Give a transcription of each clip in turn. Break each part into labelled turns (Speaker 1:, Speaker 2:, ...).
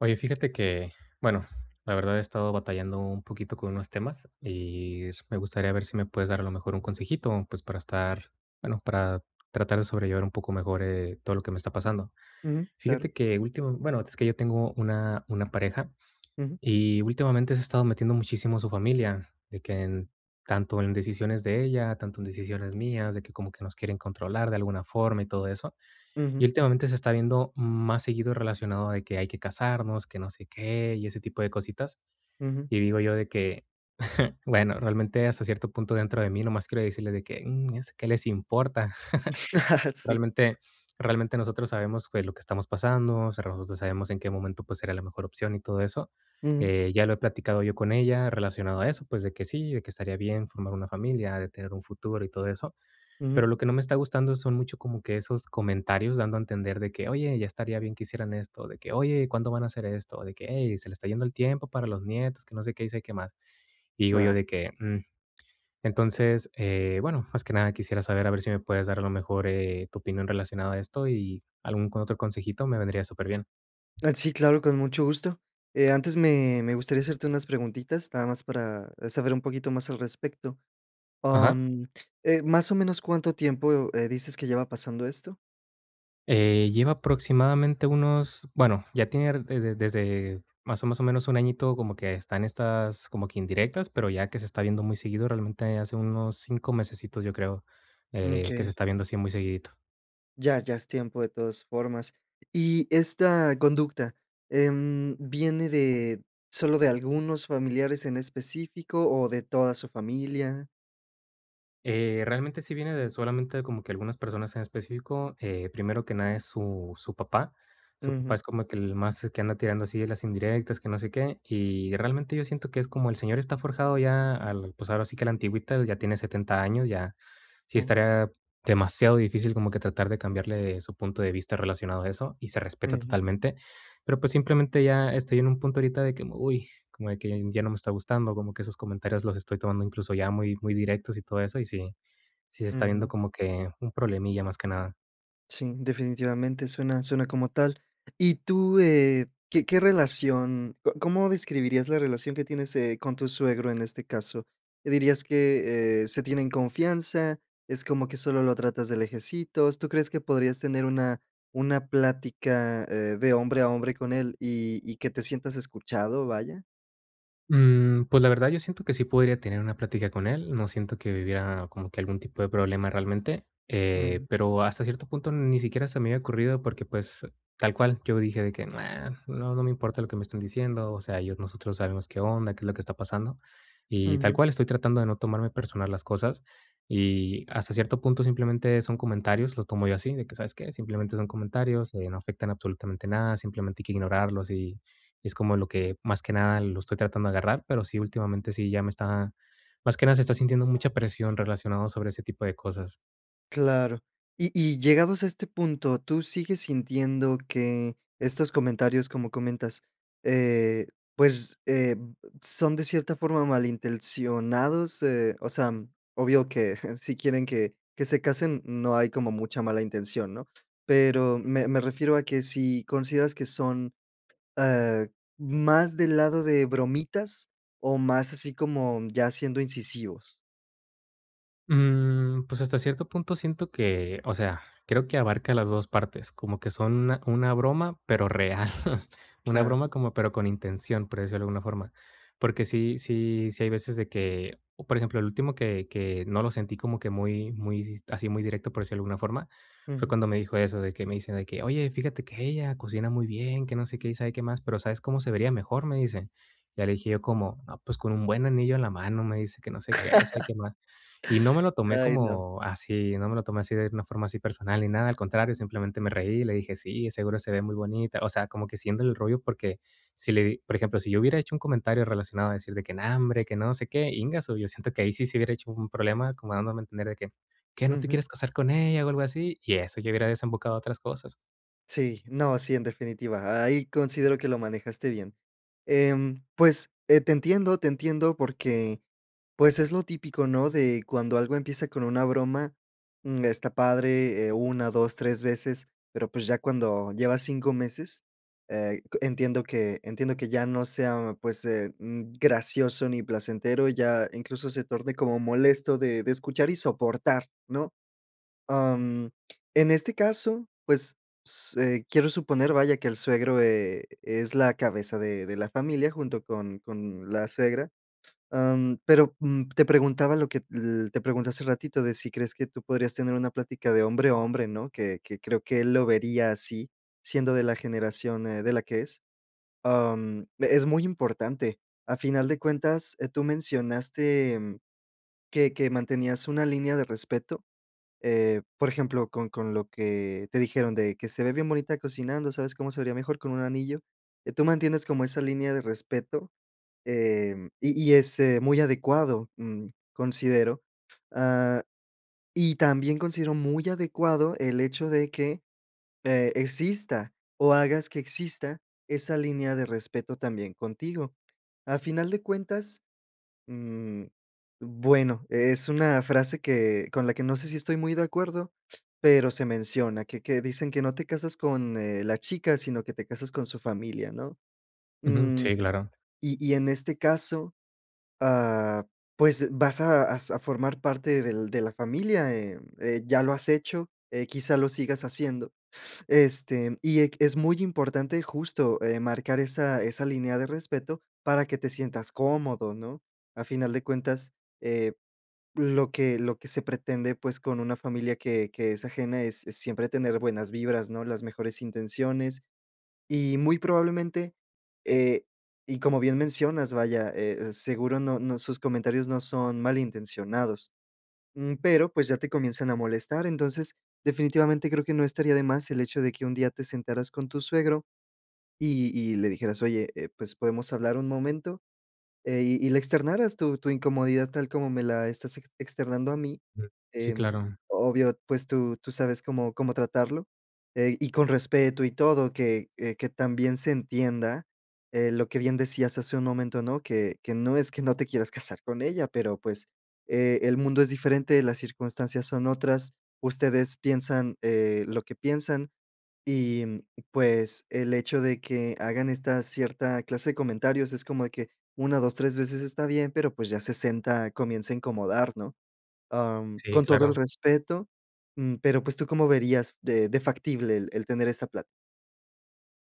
Speaker 1: Oye, fíjate que, bueno, la verdad he estado batallando un poquito con unos temas, y me gustaría ver si me puedes dar a lo mejor un consejito, pues, para estar, bueno, para tratar de sobrellevar un poco mejor, eh, todo lo que me está pasando.
Speaker 2: Ujú, claro.
Speaker 1: Fíjate que, ultima bueno, es que yo tengo una una pareja,
Speaker 2: Ujú.
Speaker 1: y últimamente se ha estado metiendo muchísimo su familia, de que en tanto en decisiones de ella, tanto en decisiones mías, de que como que nos quieren controlar de alguna forma y todo eso. Y
Speaker 2: Ujú.
Speaker 1: últimamente se está viendo más seguido relacionado de que hay que casarnos, que no sé qué y ese tipo de cositas.
Speaker 2: Ujú.
Speaker 1: Y digo yo de que, bueno, realmente hasta cierto punto dentro de mí, nomás quiero decirles de que: "Mm, ¿qué les importa?".
Speaker 2: Sí.
Speaker 1: Realmente realmente nosotros sabemos que es lo que estamos pasando, o sea, nosotros sabemos en qué momento, pues, sería la mejor opción y todo eso.
Speaker 2: Ujú.
Speaker 1: Eh, ya lo he platicado yo con ella relacionado a eso, pues, de que sí, de que estaría bien formar una familia, de tener un futuro y todo eso. Pero
Speaker 2: Ujú.
Speaker 1: lo que no me está gustando son mucho como que esos comentarios dando a entender de que, oye, ya estaría bien que hicieran esto, de que, oye, ¿cuándo van a hacer esto?, o de que, ey, se le está yendo el tiempo para los nietos, que no sé qué, y sé qué más. Y digo yo
Speaker 2: Ah.
Speaker 1: de que, mm, entonces, eh, bueno, más que nada quisiera saber a ver si me puedes dar a lo mejor, eh, tu opinión relacionado a esto y algún que otro consejito, me vendría superbién.
Speaker 2: Ah, sí, claro, con mucho gusto. Eh, antes me me gustaría hacerte unas preguntitas, nada más para saber un poquito más al respecto.
Speaker 1: Ajá.
Speaker 2: Mm, eh, más o menos, ¿cuánto tiempo, eh, dices que lleva pasando esto?
Speaker 1: Eh, lleva aproximadamente unos, bueno, ya tiene ra e de desde más o más o menos un añito como que está en estas como que indirectas, pero ya que se está viendo muy seguido, realmente hace unos 5 mesecitos, yo creo,
Speaker 2: Mm,
Speaker 1: eh, que se
Speaker 2: okey.
Speaker 1: está viendo así muy seguidito.
Speaker 2: Ya ya es tiempo de todas formas. Y esta conducta, em, ¿viene de solo de algunos familiares en específico o de toda su familia?
Speaker 1: Eh, realmente sí viene de solamente como que algunas personas en específico, eh, primero que nada es su su papá. Su papá
Speaker 2: Ujú.
Speaker 1: es como que el más que anda tirando así de las indirectas, que no sé qué. Y realmente yo siento que es como el señor está forjado ya al, pues, ahora sí que a la antigüita, ya tiene 70 años, ya sí
Speaker 2: Oh.
Speaker 1: estaría demasiado difícil como que tratar de cambiarle su punto de vista relacionado a eso, y se respeta
Speaker 2: Ujú.
Speaker 1: totalmente. Pero pues simplemente ya estoy en un punto ahorita de, uy, que como de que ya no me está gustando, como que sus comentarios los estoy tomando incluso ya muy muy directos y todo eso, y sí sí se está viendo
Speaker 2: Ujú.
Speaker 1: como que un problemilla más que nada.
Speaker 2: Sí, definitivamente suena suena como tal. Y tú, eh, ¿qué qué relación? ¿Co cómo describirías la relación que tienes, eh, con tu suegro en este caso? ¿Dirías que, eh, se tienen confianza? ¿Es como que solo lo tratas de lejecitos? ¿Tú crees que podrías tener una una plática, eh, de hombre a hombre con él y y que te sientas escuchado, vaya?
Speaker 1: Mmm, pues, la verdad, yo siento que sí podría tener una plática con él, no siento que hubiera como que algún tipo de problema realmente, eh,
Speaker 2: Mm.
Speaker 1: pero hasta cierto punto ni siquiera se me había ocurrido porque, pues, tal cual, yo dije de que: "Na, no, no me importa lo que me estén diciendo, o sea, yo nosotros sabemos qué onda, qué es lo que está pasando". Y tal
Speaker 2: Ujú.
Speaker 1: cual, estoy tratando de no tomarme personal las cosas. Y hasta cierto punto, simplemente son comentarios, lo tomo yo así, de que, ¿sabes qué? Simplemente son comentarios, eh, no afectan absolutamente nada, simplemente hay que ignorarlos y es como lo que más que nada lo estoy tratando de agarrar. Pero sí, últimamente sí ya me está más que nada se está sintiendo mucha presión relacionado sobre ese tipo de cosas.
Speaker 2: Claro. Y y llegados a este punto, ¿tú sigues sintiendo que estos comentarios, como comentas, eh, pues, eh, son de cierta forma malintencionados? Eh, o sea, obvio que si quieren que que se casen no hay como mucha mala intención, ¿no? Pero me me refiero a que si consideras que son, ah, más del lado de bromitas o más así como ya siendo incisivos.
Speaker 1: Mm, pues, hasta cierto punto siento que, o sea, creo que abarca las 2 partes, como que son una una broma, pero real. Una
Speaker 2: Claro.
Speaker 1: broma como pero con intención, por decirlo de alguna forma. Porque sí sí sí hay veces de que, por ejemplo, el último que que no lo sentí como que muy muy, si así, muy directo por decirlo de alguna forma, fue
Speaker 2: Ujú.
Speaker 1: cuando me dijo eso, de que me dicen de que: "Oye, fíjate que ella cocina muy bien, que no sé qué y sabe qué más, pero ¿sabes cómo se vería mejor?", me dice. Ya le dije yo: "¿Cómo?", no, "pues con un buen anillo en la mano", me dice que no sé qué, y sabe qué más. Y no me lo tomé
Speaker 2: Ay, no.
Speaker 1: como así no me lo tomé así de una forma así personal ni nada, al contrario, simplemente me reí, y le dije: "Sí, seguro se ve muy bonita". O sea, como que haciéndole el rollo porque si le di por ejemplo, si yo hubiera hecho un comentario relacionado a decir de que: "No, hombre, que no sé qué", íngasu, yo siento que ahí sí se hubiera hecho un problema, como dándome a entender de que: "¿Qué no te
Speaker 2: Ujú.
Speaker 1: quieres casar con ella, o, algo así?". Y eso, ya hubiera desembocado a otras cosas.
Speaker 2: Sí, no, sí, en definitiva, ahí considero que lo manejaste bien. Em, pues, eh, te entiendo, te entiendo porque, pues es lo típico, ¿no? De cuando algo empieza con una broma, mm, está padre, eh, 1, 2, 3 veces, pero, pues ya cuando llevas 5 meses, eh c entiendo que entiendo que ya no sea, pues, eh, mm, gracioso ni placentero, ya incluso, se torne como molesto de de escuchar y soportar, ¿no? Am, en este caso, pues, s eh, quiero suponer, vaya, que el suegro e es la cabeza de de la familia junto con con la suegra. Em, pero, mm, te preguntaba lo que l te pregunté hace ratito, de si crees que tú podrías tener una plática de hombre a hombre, ¿no? Que que creo que él lo vería así, siendo de la generación, eh, de la que es. Am, e es muy importante. A final de cuentas, eh, tú mencionaste, mm, que que mantenías una línea de respeto. Eh, por ejemplo, con con lo que te dijeron de que se ve bien bonita cocinando, ¿sabes cómo se vería mejor con un anillo? Eh, tú mantienes como esa línea de respeto, em, y y, es, eh, muy adecuado, mm, considero. Ah, y también considero muy adecuado el hecho de que, eh, exista, o, hagas que exista esa línea de respeto también contigo. A final de cuentas, mm, bueno, es una frase que con la que, no sé, si estoy muy de acuerdo pero se menciona que que dicen que no te casas con, eh, la chica, sino que te casas con su familia, ¿no?
Speaker 1: Ujú,
Speaker 2: Mm,
Speaker 1: sí, claro.
Speaker 2: y y en este caso, ah, pues, vas a a sa formar parte del de la familia, eh eh, ya lo has hecho, eh, quizá lo sigas haciendo. Este, y ec es muy importante justo, eh, marcar esa esa línea de respeto para que te sientas cómodo, ¿no? A final de cuentas, eh, lo que lo que se pretende, pues, con una familia que que es ajena es es siempre tener buenas vibras, ¿no? Las mejores intenciones. Y muy probablemente, eh, y como bien mencionas, vaya, eh, seguro no no sus comentarios no son mal intencionados. Mm, pero, pues, ya te comienzan a molestar. Entonces, definitivamente creo que no estaría de más el hecho de que un día te sentaras con tu suegro, y y le dijeras: "Oye, eh, pues, ¿podemos hablar un momento?". Eh, y y le externaras tu tu incomodidad tal como me la estás ex externando a mí.
Speaker 1: Sí,
Speaker 2: Em,
Speaker 1: claro.
Speaker 2: obvio, pues, tú tú sabes cómo cómo tratarlo, eh, y con respeto. Y todo que, eh, que también se entienda, eh, lo que bien decías hace un momento, ¿no? Que que no es que no te quieras casar con ella, pero, pues, e el mundo es diferente, las circunstancias son otras. Ustedes piensan, eh, lo que piensan, y, mm, pues, el hecho de que hagan esta cierta clase de comentarios es como de que 1, 2, 3 veces está bien, pero, pues, ya 60 comienza a incomodar, ¿no? Am,
Speaker 1: Sí,
Speaker 2: con todo el
Speaker 1: claro.
Speaker 2: respeto, mm, pero, pues, ¿tú cómo verías de de factible el el tener esta plat?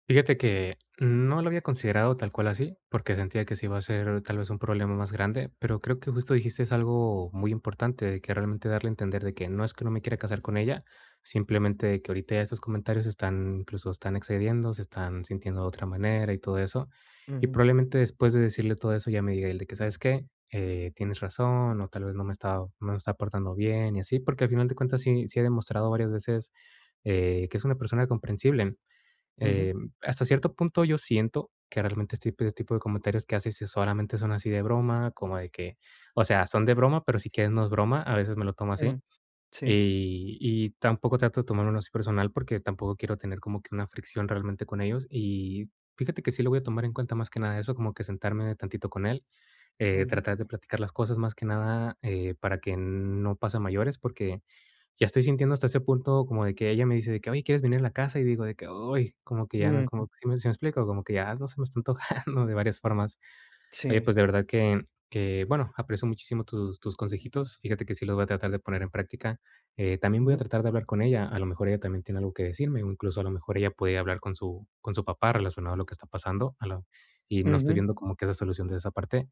Speaker 1: Fíjate que, no lo había considerado tal cual así, porque sentía que sí va a ser, tal vez, un problema más grande, pero creo que justo dijiste algo muy importante, de que realmente darle a entender de que no es que no me quiera casar con ella, simplemente que ahorita ya estos comentarios están incluso están excediendo, se están sintiendo de otra manera y todo eso. Y
Speaker 2: Ujú.
Speaker 1: probablemente después de decirle todo eso, ella me diga el de que: "¿Sabes qué? Eh, tienes razón, o tal vez no me he estado no me he estado portando bien y así". Porque al final de cuentas sí sí ha demostrado varias veces, eh, que es una persona comprensible,
Speaker 2: Ujú.
Speaker 1: em, hasta cierto punto, yo siento que realmente este p tipo de comentarios que hace sí solamente son así de broma, como de que, o sea, son de broma, pero si quieres no es broma, a veces me lo tomo así.
Speaker 2: Ujú. Sí.
Speaker 1: Y y tampoco trato de tomármelo así personal, porque tampoco quiero tener como que una fricción realmente con ellos. Y fíjate que sí lo voy a tomar en cuenta, más que nada eso, como que sentarme tantito con él, eh,
Speaker 2: Ujú.
Speaker 1: tratar de platicar las cosas más que nada, eh, para que no pase a mayores. Porque ya estoy sintiendo hasta ese punto como de que ella me dice de que: "Oye, ¿quieres venir en la casa?". Y digo de que, ay, como que ya no
Speaker 2: Ujú.
Speaker 1: como que, ¿sí me sí me explico? Como que ya no se me está antojando de varias formas. Oye,
Speaker 2: Sí.
Speaker 1: pues de verdad que que, bueno, aprecio muchísimo tus tus consejitos. Fíjate que sí los voy a tratar de poner en práctica, eh, también voy a
Speaker 2: Ujú.
Speaker 1: tratar de hablar con ella. A lo mejor ella también tiene algo que decirme. Incluso a lo mejor ella puede hablar con su con su papá relacionado a lo que está pasando, a lo y no estoy
Speaker 2: Ujú.
Speaker 1: viendo como que esa solución de esa parte.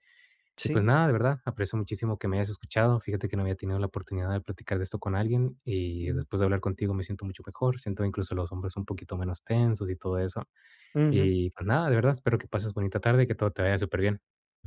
Speaker 1: Y pues
Speaker 2: Sí.
Speaker 1: nada, de verdad aprecio muchísimo que me hayas escuchado. Fíjate que no había tenido la oportunidad de platicar de esto con alguien, y
Speaker 2: Ujú.
Speaker 1: después de hablar contigo, me siento mucho mejor. Siento incluso los hombros un poquito menos tensos y todo eso.
Speaker 2: Ujú.
Speaker 1: Y, pues, nada, de verdad, espero que pases bonita tarde y que todo te vaya superbién.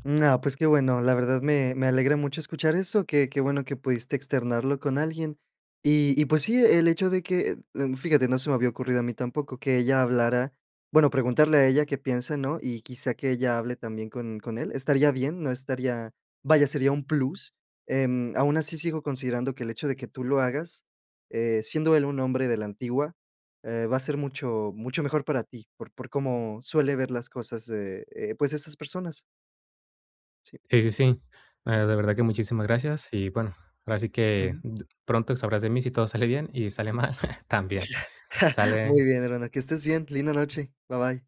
Speaker 2: No, pues, qué bueno. La verdad me me alegra mucho escuchar eso. Qué qué bueno que pudiste externarlo con alguien. Y y, pues, sí, e el hecho de que, fíjate, no se me había ocurrido a mí tampoco que ella hablara, bueno, preguntarle a ella qué piensa, ¿no? Y quizá que ella hable también con con él. Estaría bien, no estaría, vaya, sería un plus, em, aun así sigo considerando que el hecho de que tú lo hagas, eh, siendo él un hombre de la antigua, eh, va a ser mucho mucho mejor para ti, por por cómo suele ver las cosas de, eh, pues, esas personas. Sí.
Speaker 1: Sí, sí, sí. Ah, de verdad que muchísimas gracias. Y bueno, ahora sí que
Speaker 2: Ujú.
Speaker 1: d pronto sabrás de mí si todo sale bien y si sale mal, también.
Speaker 2: Muy
Speaker 1: Sale.
Speaker 2: bien, hermano. Que estés bien. Linda noche. Ba bye.